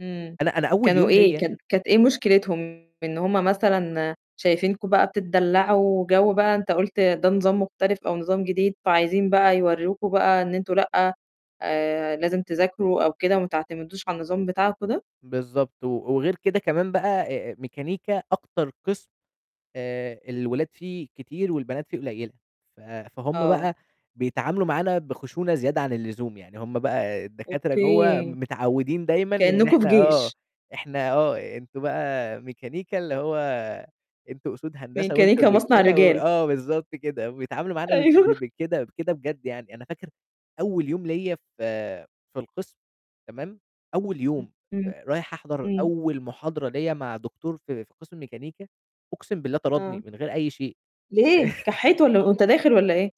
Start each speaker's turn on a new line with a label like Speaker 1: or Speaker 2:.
Speaker 1: إمم.
Speaker 2: أنا أنا أول
Speaker 1: كانوا
Speaker 2: يوم
Speaker 1: إيه؟
Speaker 2: ليّا
Speaker 1: كان كانت إيه مشكلتهم؟ إن هم مثلًا شايفينكم بقى بتتدلَّعوا جَو بقى أنت قُلت ده نظام مختلف أو نظام جديد، فعايزين بقى يورِّوكم بقى إن أنتم لأ، آآ لازم تذاكروا أو كده وما تعتمدوش على النظام بتاعكم ده؟
Speaker 2: بالضبط. و وغير كده كمان بقى آآ ميكانيكا أكتر قِسْم آآ الولاد فيه كتير والبنات فيه قليّلة، ف فهُم
Speaker 1: آه.
Speaker 2: بقى بيتعاملوا معانا بخشونة زيادة عن اللزوم، يعني هم بقى الدكاترة جوّه
Speaker 1: أوكي.
Speaker 2: متعوِّدين دايمًا إن
Speaker 1: كإنّكم في
Speaker 2: إحنا آه
Speaker 1: جيش.
Speaker 2: إحنا آه أنتم بقى ميكانيكا اللي هو أنتم أسود هندسة وأنتم
Speaker 1: ميكانيكا مصنع
Speaker 2: الرجالة و
Speaker 1: الرجال.
Speaker 2: آه، بالضبط كده، وبيتعاملوا معانا بد
Speaker 1: أيوه.
Speaker 2: ب بكده بكده بجد، يعني أنا فاكر أول يوم ليّا في في القسم، تمام؟ أول
Speaker 1: إمم،
Speaker 2: يوم،
Speaker 1: إمم.
Speaker 2: فرايح أحضر
Speaker 1: إمم.
Speaker 2: أول محاضرة ليّا مع دكتور في في قِسْم ميكانيكا، أقسم بالله طردني
Speaker 1: آه.
Speaker 2: من غير أي شيء.
Speaker 1: ليه؟ كحّيت والَّا وأنت داخل والَّا إيه؟